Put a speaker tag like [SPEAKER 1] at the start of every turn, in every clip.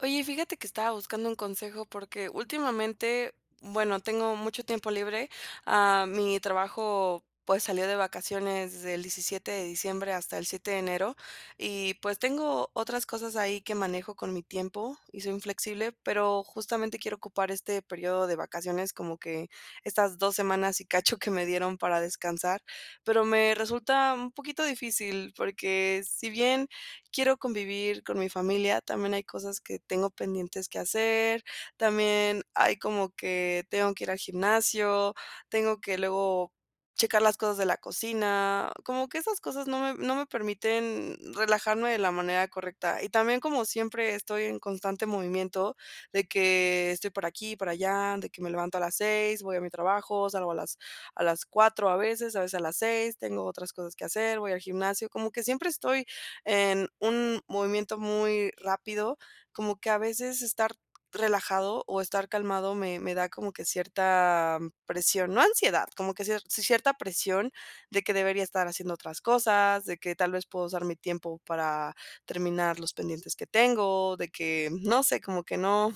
[SPEAKER 1] Oye, fíjate que estaba buscando un consejo, porque últimamente, bueno, tengo mucho tiempo libre. Ah, mi trabajo, pues, salió de vacaciones desde el 17 de diciembre hasta el 7 de enero y, pues tengo, otras cosas ahí que manejo con mi tiempo y soy inflexible, pero justamente quiero ocupar este periodo de vacaciones, como que estas 2 semanas y cacho que me dieron para descansar. Pero me resulta un poquito difícil, porque si bien, quiero convivir con mi familia, también hay cosas que tengo pendientes que hacer, también ¡ay! como que tengo que ir al gimnasio, tengo que luego, checar las cosas de la cocina, como que esas cosas no me no me permiten relajarme de la manera correcta, y también, como siempre estoy en constante movimiento, de que, estoy por aquí, por allá, de que me levanto a las 6:00, voy a mi trabajo, salgo a las a las 4:00 a veces a veces a las 6:00, tengo otras cosas que hacer, voy al gimnasio, como que siempre estoy, en un, movimiento muy rápido, como que a veces estar relajado o estar calmado me me da como que cierta, presión no ansiedad, como que cie cierta presión de que debería estar haciendo otras cosas, de que tal vez, puedo usar mi tiempo para, terminar los pendientes que tengo, de que, no sé, como que no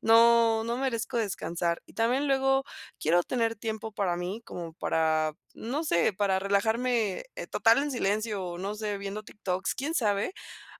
[SPEAKER 1] no no merezco descansar. Y también luego quiero tener tiempo para mí, como para, no sé, para relajarme eh, total en silencio o no sé, viendo TikToks, quién sabe,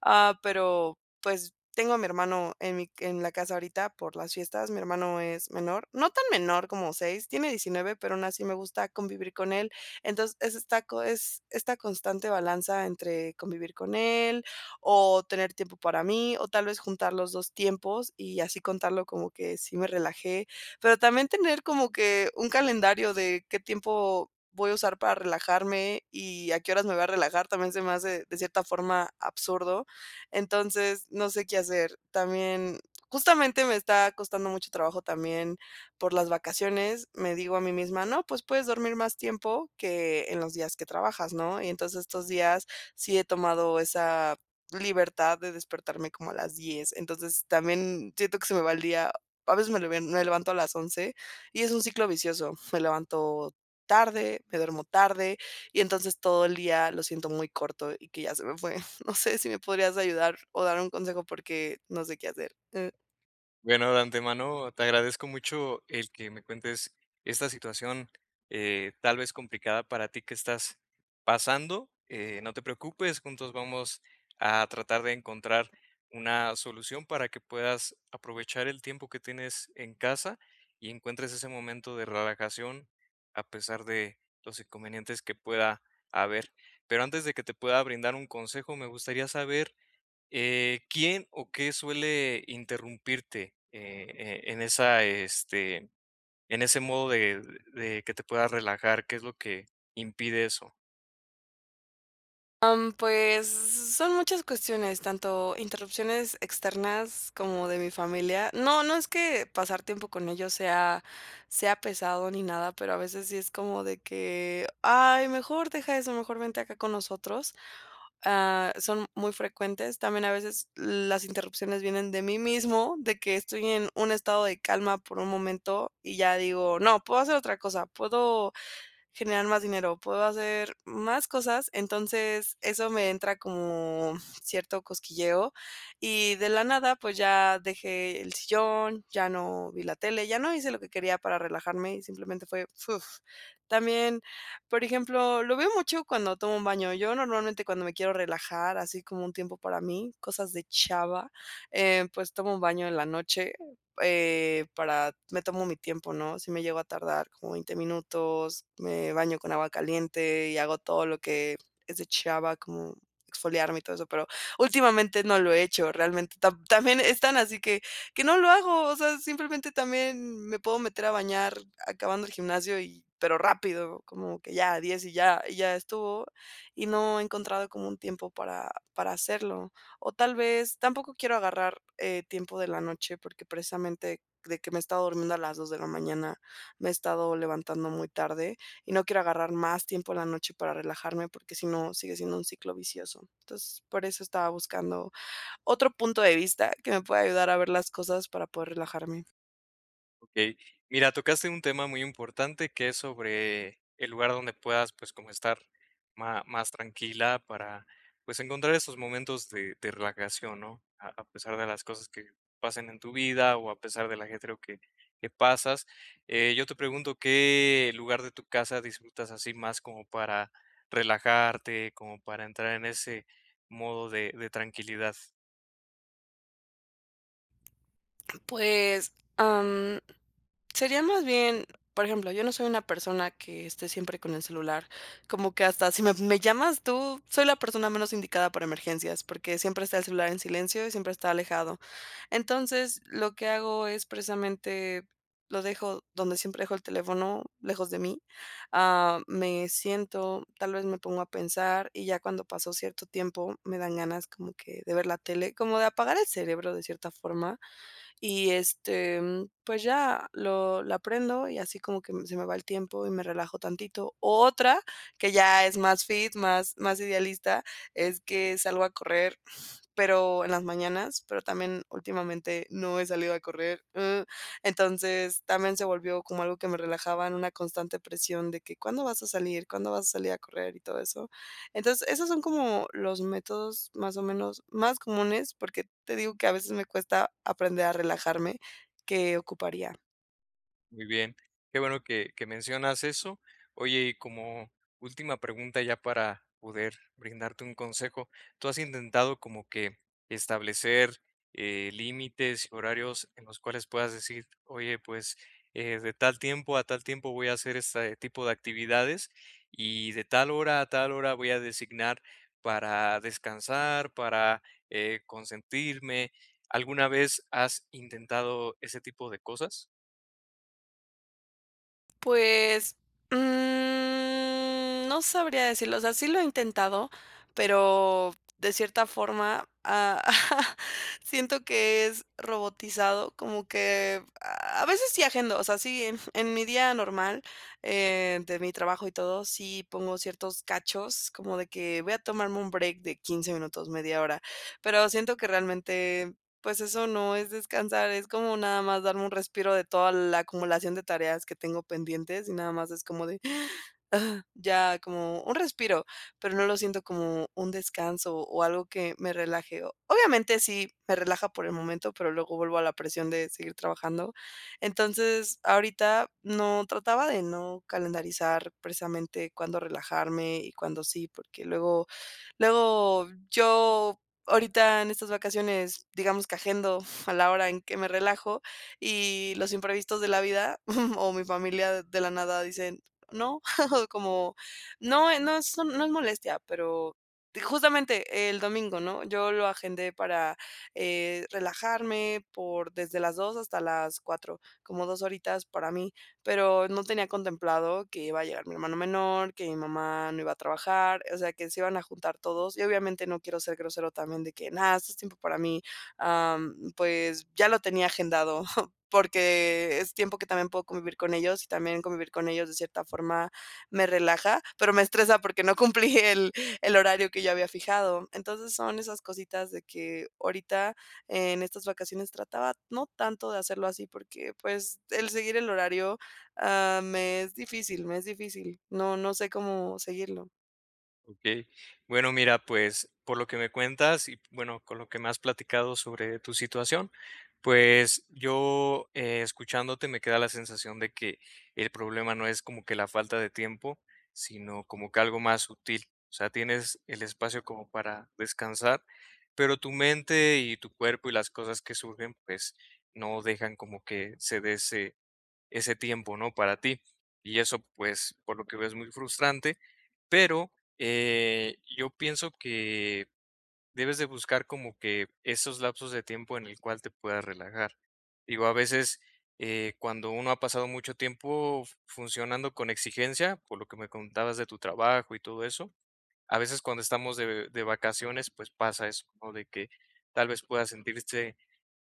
[SPEAKER 1] ah, pero pues, tengo a mi hermano en mi en la casa ahorita por las fiestas, mi hermano es menor, no tan menor como 6, tiene 19, pero aún así me gusta convivir con él. Entonces, es esta co es esta constante balanza entre convivir con él o tener tiempo para mí, o tal vez, juntar los dos tiempos y así contarlo como que sí me relajé, pero también tener como que, un calendario de qué tiempo, voy a usar para relajarme y a qué horas me voy a relajar, también se me hace de cierta forma absurdo. Entonces, no sé qué hacer. También, justamente me está costando mucho trabajo también por las vacaciones, me digo a mí misma: "No, pues, puedes dormir más tiempo que en los días que trabajas, ¿no?". Y entonces estos días sí he tomado esa, libertad de despertarme como a las 10:00 entonces también, siento que se me va el día, a veces me le me levanto a las 11:00 y es un ciclo vicioso. Me levanto tarde, me duermo tarde, y entonces, todo el día lo siento muy corto y que ya se me fue. No sé, si me podrías ayudar o dar un consejo, porque no sé qué hacer, eh.
[SPEAKER 2] Bueno, de antemano, te agradezco mucho el que me cuentes esta situación, eh, tal vez, complicada para ti que estás pasando, eh, no te preocupes, juntos vamos a tratar de encontrar una solución para que puedas aprovechar el tiempo que tienes en casa y encuentres ese momento de relajación, a pesar de los inconvenientes que pueda haber, pero antes de que te pueda brindar un consejo, me gustaría saber, eh, ¿quién o qué suele interrumpirte? Eh, en esa, este, en ese modo de de que te puedas relajar, ¿que es lo que impide eso?
[SPEAKER 1] Am, pues, son muchas cuestiones, tanto interrupciones externas como de mi familia, no no es que pasar tiempo con ellos sea sea pesado ni nada, pero a veces sí es como de que: "Ay, mejor deja eso, mejor vente acá con nosotros", ah, son muy frecuentes, también a veces las interrupciones vienen de mí mismo, de que estoy en un estado de calma por un momento y ya digo: "No, puedo hacer otra cosa, puedo generar más dinero, puedo hacer más cosas", entonces, eso me entra como cierto cosquilleo, y de la nada, pues, ya dejé el sillón, ya no vi la tele, ya no hice lo quería para relajarme y simplemente fue, fuf, también, por ejemplo, lo veo mucho cuando tomo un baño, yo normalmente cuando me quiero relajar, así como un tiempo para mí, cosas de chava, eh, pues, tomo un baño en la noche, eh, para me tomo mi tiempo, ¿no?, si me llego a tardar como 20 minutos, me baño con agua caliente y hago todo lo que es de chava, como exfoliarme y todo eso, pero últimamente no lo he hecho realmente, tam también, es tan así que que no lo hago, o sea, simplemente también me puedo meter a bañar acabando el gimnasio y pero rápido, como que ya a 10 y ya y ya estuvo, y no he encontrado como un tiempo para para hacerlo, o tal vez, tampoco quiero agarrar, eh, tiempo de la noche, porque precisamente de que me he estado durmiendo a las 2 de la mañana, me he estado levantando muy tarde y no quiero agarrar más tiempo en la noche para relajarme, porque si no sigue siendo un ciclo vicioso, entonces, por eso estaba buscando otro punto de vista, que me pueda ayudar a ver las cosas para poder relajarme.
[SPEAKER 2] Okey. Mira, tocaste un tema muy importante, que es sobre el lugar donde puedas, pues, como estar ma más tranquila para, pues, encontrar esos momentos de de relajación ¿no?, a a pesar de las cosas que pasen en tu vida o a pesar de el ajetreo que que pasas. Eh, yo te pregunto, ¿qué lugar de tu casa disfrutas así más como para relajarte, como para entrar en ese modo de de tranquilidad?
[SPEAKER 1] Pues, am, sería más bien, por ejemplo, yo no soy una persona que esté siempre con el celular. Como que hasta si me me llamas tú, soy la persona menos indicada para emergencias, porque siempre está el celular en silencio y siempre está alejado. Entonces, lo que hago es precisamente lo dejo donde siempre dejo el teléfono, lejos de mí. Ah, me siento, tal vez, me pongo a pensar, y ya cuando pasó cierto tiempo, me dan ganas como que de ver la tele. Como de apagar el cerebro de cierta forma. Y este, mm, pues ya lo la prendo y así como que se me va el tiempo y me relajo tantito. Otra, que ya es más fit, más más idealista, es que salgo a correr, pero en las mañanas, pero también últimamente no he salido a correr, uh. Entonces, también se volvió como algo que me relajaba en una constante presión de que: "¿Cuándo vas a salir? ¿Cuándo vas a salir a correr?", y todo eso. Entonces, esos son como los métodos, más o menos, más comunes, porque te digo que a veces me cuesta aprender a relajarme que ocuparía.
[SPEAKER 2] Muy bien. Qué bueno que que mencionas eso. Oye, y como última pregunta ya para poder brindarte un consejo, ¿tú has intentado como que establecer, eh, límites, horarios en los cuales puedas decir: "Oye, pues, eh, de tal tiempo a tal tiempo voy a hacer este tipo de actividades y de tal hora a tal hora voy a designar para descansar, para eh, consentirme.", ¿alguna vez has intentado ese tipo de cosas?
[SPEAKER 1] Pues, mm, no sabría decirlo. O sea, sí lo he intentado, pero de cierta forma ah, siento que es robotizado, como que a a veces sí agendo. O sea, sí, en mi día normal, eh, de mi trabajo y todo, sí pongo ciertos cachos, como de que voy a tomarme un break de 15 minutos, media hora. Pero siento que realmente, pues eso no es descansar, es como nada más darme un respiro de toda la acumulación de tareas que tengo pendientes y nada más es como de:"" Ya como un respiro, pero no lo siento como un descanso o algo que me relaje. Obviamente, sí, me relaja por el momento, pero luego vuelvo a la presión de seguir trabajando. Entonces, ahorita no, trataba de no calendarizar precisamente cuándo relajarme y cuándo sí, porque luego luego yo ahorita en estas vacaciones, digamos, que agendo, uf, a la hora en que me relajo y los imprevistos de la vida o mi familia de la nada dicen: "No. O como no, eh, no eso no es molestia, pero", di justamente el domingo, ¿no? Yo lo agendé para eh, relajarme por desde las 14:00 hasta las 16:00, como 2 horitas para mí, pero no tenía contemplado que iba a llegar mi hermano menor, que mi mamá no iba a trabajar, o sea, que se iban a juntar todos y obviamente no quiero ser grosero también de que: "¡Nada! Esto es tiempo para mí". Am, pues ya lo tenía agendado, porque es tiempo que también puedo convivir con ellos, y también convivir con ellos de cierta forma me relaja, pero me estresa porque no cumplí el el horario que yo había fijado. Entonces, son esas cositas de que ahorita en estas vacaciones trataba, no tanto de hacerlo así porque, pues, el seguir el horario, ah, me es difícil me es difícil. No no sé cómo seguirlo.
[SPEAKER 2] Okey, bueno, mira, pues, por lo que me cuentas y, bueno, con lo que me has platicado sobre tu situación, pues, yo escuchándote me queda la sensación de que el problema no es como que la falta de tiempo, sino como que algo más sutil, o sea, tienes el espacio como para descansar, pero tu mente y tu cuerpo y las cosas que surgen, pues, no dejan como que se dé ese ese tiempo, ¿no?, para ti, y eso, pues, por lo que veo es muy frustrante, pero, eh, yo pienso que debes de buscar como que esos lapsos de tiempo en el cual te puedas relajar, digo, a veces, eh, cuando uno ha pasado mucho tiempo, funcionando con exigencia, por lo que me contabas de tu trabajo y todo eso, a veces cuando estamos de de vacaciones, pues, pasa eso, ¿no?, de que tal vez, puedas sentirse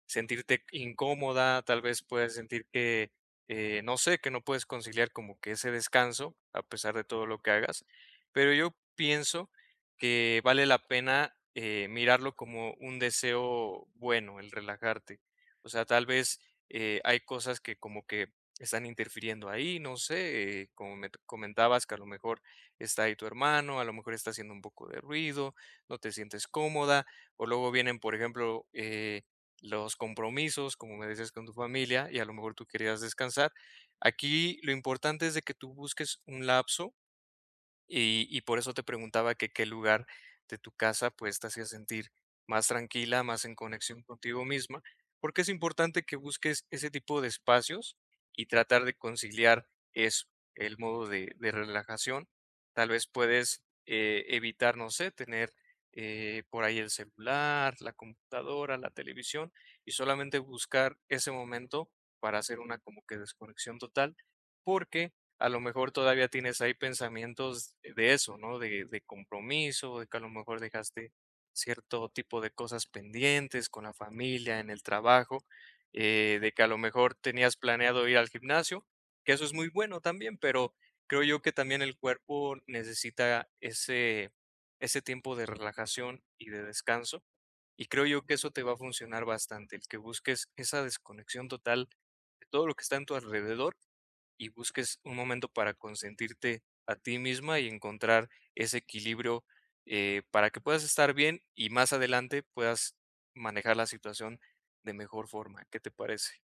[SPEAKER 2] sentirte incómoda, tal vez puedas sentir que, eh, no sé, que no puedes conciliar como que ese descanso a pesar de todo lo que hagas, pero yo pienso que vale la pena, eh, mirarlo como un deseo bueno, el relajarte, o sea, tal vez, eh, hay cosas que como que están interfiriendo ahí, no sé, como me comentabas que a lo mejor está ahí tu hermano, a lo mejor está haciendo un poco de ruido, no te sientes cómoda, o luego vienen, por ejemplo, eh, los compromisos, como me decías con tu familia, y a lo mejor tú querías descansar, aquí lo importante es de que tú busques un lapso y y por eso te preguntaba que qué lugar de tu casa, pues, te hacía sentir más tranquila, más en conexión contigo misma, porque, es importante que busques ese tipo de espacios y tratar de conciliar eso, el modo de de relajación, tal vez, puedes, eh, evitar, no sé, tener, eh, por ahí el celular, la computadora, la televisión y solamente buscar ese momento para hacer una, como que, desconexión total, porque a lo mejor todavía tienes ahí pensamientos de eso, ¿no?, de de compromiso, de que a lo mejor dejaste cierto tipo de cosas pendientes con la familia, en el trabajo, eh, de que a lo mejor tenías planeado ir al gimnasio, que eso es muy bueno también, pero creo yo que también el cuerpo necesita ese ese tiempo de relajación y de descanso, y creo yo que eso te va a funcionar bastante, el que busques esa desconexión total de todo lo que está en tu alrededor y busques un momento para consentirte a ti misma y encontrar ese equilibrio, eh, para que puedas estar bien y más adelante puedas manejar la situación de mejor forma, ¿qué te parece?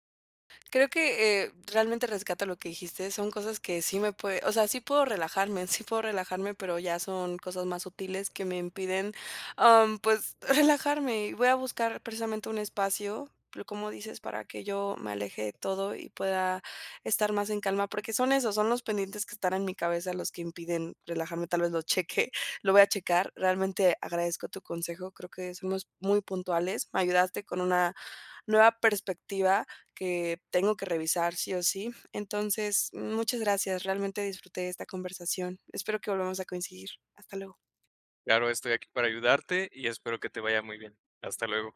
[SPEAKER 1] Creo que, eh, realmente rescato lo que dijiste, son cosas que sí me puede o sea, sí puedo relajarme sí puedo relajarme, pero ya son cosas más sutiles que me impiden, am, pues relajarme, y voy a buscar precisamente un espacio, pero, como dices, para que yo me aleje de todo y pueda estar más en calma, porque son esos son los pendientes que están en mi cabeza los que impiden relajarme, tal vez lo cheque, lo voy a checar, realmente agradezco tu consejo, creo que somos muy puntuales, me ayudaste con una nueva perspectiva que tengo que revisar sí o sí, entonces, muchas gracias, realmente disfruté de esta conversación, espero que volvamos a coincidir, hasta luego.
[SPEAKER 2] Claro, estoy aquí para ayudarte y espero que te vaya muy bien, hasta luego.